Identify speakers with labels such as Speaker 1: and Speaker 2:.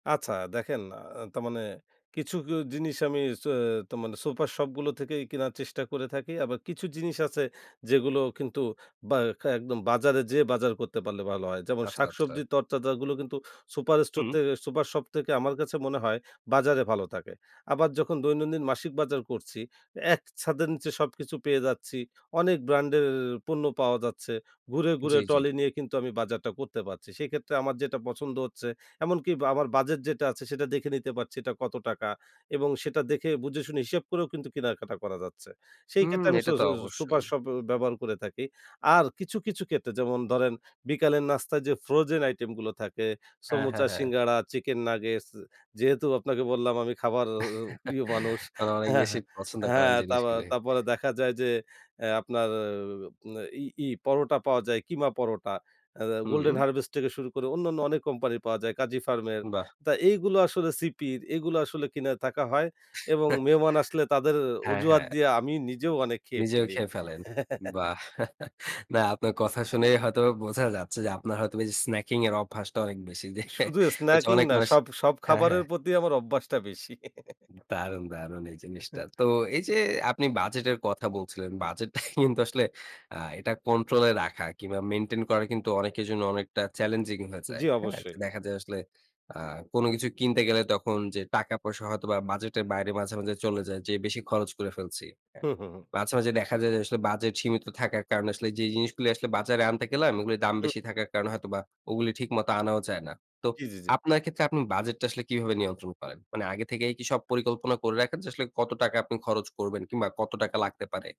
Speaker 1: আচ্ছা দেখেন, আ তার মানে কিছু কি জিনিস আমি স তো মানে সুপার শপগুলো থেকেই কেনার চেষ্টা করে থাকি। আবার কিছু জিনিস আছে, যেগুলো কিন্তু বা একদম বাজারে যেয়ে বাজার করতে পারলে ভালো হয়। যেমন
Speaker 2: আচ্ছা, আচ্ছা।
Speaker 1: শাকসবজি, তরতাজাগুলো কিন্তু সুপার স্টোর
Speaker 2: হু।
Speaker 1: থেকে, সুপার শপ থেকে আমার কাছে মনে হয় বাজারে ভালো থাকে। আবার যখন দৈনন্দিন মাসিক বাজার করছি, এক ছাদের নিচে সবকিছু পেয়ে যাচ্ছি। অনেক ব্র্যান্ডের পণ্য পাওয়া যাচ্ছে। ঘুরে, ঘুরে
Speaker 2: জি, জি।
Speaker 1: ট্রলি নিয়ে কিন্তু আমি বাজারটা করতে পারছি। সেক্ষেত্রে আমার যেটা পছন্দ হচ্ছে, এমনকি আমার বাজেট যেটা আছে, সেটা দেখে নিতে পারছি, এটা কত টাকা। এবং সেটা দেখে, বুঝে, শুনে হিসেব করেও কিন্তু কেনাকাটা করা যাচ্ছে। সেই
Speaker 2: হুম,
Speaker 1: ক্ষেত্রে আমি স
Speaker 2: এটা তো
Speaker 1: স সুপার
Speaker 2: অবশ্যই।
Speaker 1: শপ ব্যবহার করে থাকি। আর কিছু, কিছু ক্ষেত্রে, যেমন ধরেন বিকালের নাস্তায় যে ফ্রোজেন আইটেমগুলো থাকে,
Speaker 2: হ্যাঁ, হ্যাঁ,
Speaker 1: সমুচা,
Speaker 2: হ্যাঁ।
Speaker 1: সিঙ্গাড়া, চিকেন নাগেটস। যেহেতু আপনাকে বললাম, আমি খাবার প্রিয় মানুষ।
Speaker 2: কারণ অনেক
Speaker 1: হ্যাঁ,
Speaker 2: বেশি
Speaker 1: হ্যাঁ।
Speaker 2: পছন্দ করেন
Speaker 1: হ্যাঁ, তারপ
Speaker 2: জিনিসগুলি।
Speaker 1: তারপরে দেখা যায় যে, অ্যা আপনার ই ই পরোটা পাওয়া যায়, কিমা পরোটা, আ গোল্ডেন
Speaker 2: হুম।
Speaker 1: হারভেস্ট থেকে শুরু করে অন্যান্য অনেক কোম্পানির পাওয়া যায়, কাজী ফার্মের।
Speaker 2: বাহ!
Speaker 1: তা এইগুলো আসলে সিপির, এগুলো আসলে কিনে থাকা হয়। এবং মেহমান আসলে তাদের
Speaker 2: হ্যাঁ,
Speaker 1: অজুহাত
Speaker 2: হ্যাঁ।
Speaker 1: দিয়ে আমি নিজেও অনেক খেয়ে
Speaker 2: নিজেও
Speaker 1: ফেলি।
Speaker 2: খেয়ে ফেলেন। বাহ! না, আপনার কথা শুনে হয়তোবা বোঝা যাচ্ছে যে, আপনার হয়তো বা এই যে স্ন্যাকিং এর অভ্যাসটা অনেক বেশি। যে
Speaker 1: শুধু
Speaker 2: হচ্ছে
Speaker 1: স্ন্যাকিং
Speaker 2: অনেক
Speaker 1: না,
Speaker 2: মানুষ।
Speaker 1: সব, সব
Speaker 2: হ্যাঁ,
Speaker 1: খাবারের
Speaker 2: হ্যাঁ।
Speaker 1: প্রতি আমার অভ্যাসটা বেশি।
Speaker 2: দারুণ! দারুণ! এই জিনিসটা। তো এই যে আপনি বাজেটের কথা বলছিলেন, বাজেটটা কিন্তু আসলে আ এটা কন্ট্রোলে রাখা কিংবা মেইনটেইন করা কিন্তু অনেকের জন্য অনেকটা চ্যালেঞ্জিং হয়ে যায়।
Speaker 1: জি,
Speaker 2: হ্যাঁ,
Speaker 1: অবশ্যই।
Speaker 2: দেখা যায়, আসলে আ কোনো কিছু কিনতে গেলে, তখন যে টাকা পয়সা, হয়তোবা বাজেটের বাইরে মাঝে, মাঝে চলে যায়, যে বেশি খরচ করে ফেলছি। হ্যাঁ,
Speaker 1: হু, হুম, হু।
Speaker 2: মাঝে, মাঝে দেখা যায় যে, আসলে বাজেট সীমিত থাকার কারণে আসলে যেই জিনিসগুলো আসলে বাজারে আনতে গেলাম, ও গুলির দাম
Speaker 1: হুম।
Speaker 2: বেশি থাকার কারণে হয়তোবা ও গুলি ঠিকমতো আনাও যায় না। তো
Speaker 1: জি, জি, জি।
Speaker 2: আপনার ক্ষেত্রে, আপনি বাজেটটা আসলে কিভাবে নিয়ন্ত্রণ করেন? মানে আগে থেকেই কি সব পরিকল্পনা করে রাখেন, যে আসলে কত টাকা আপনি খরচ করবেন, কিংবা কত টাকা লাগতে পারে?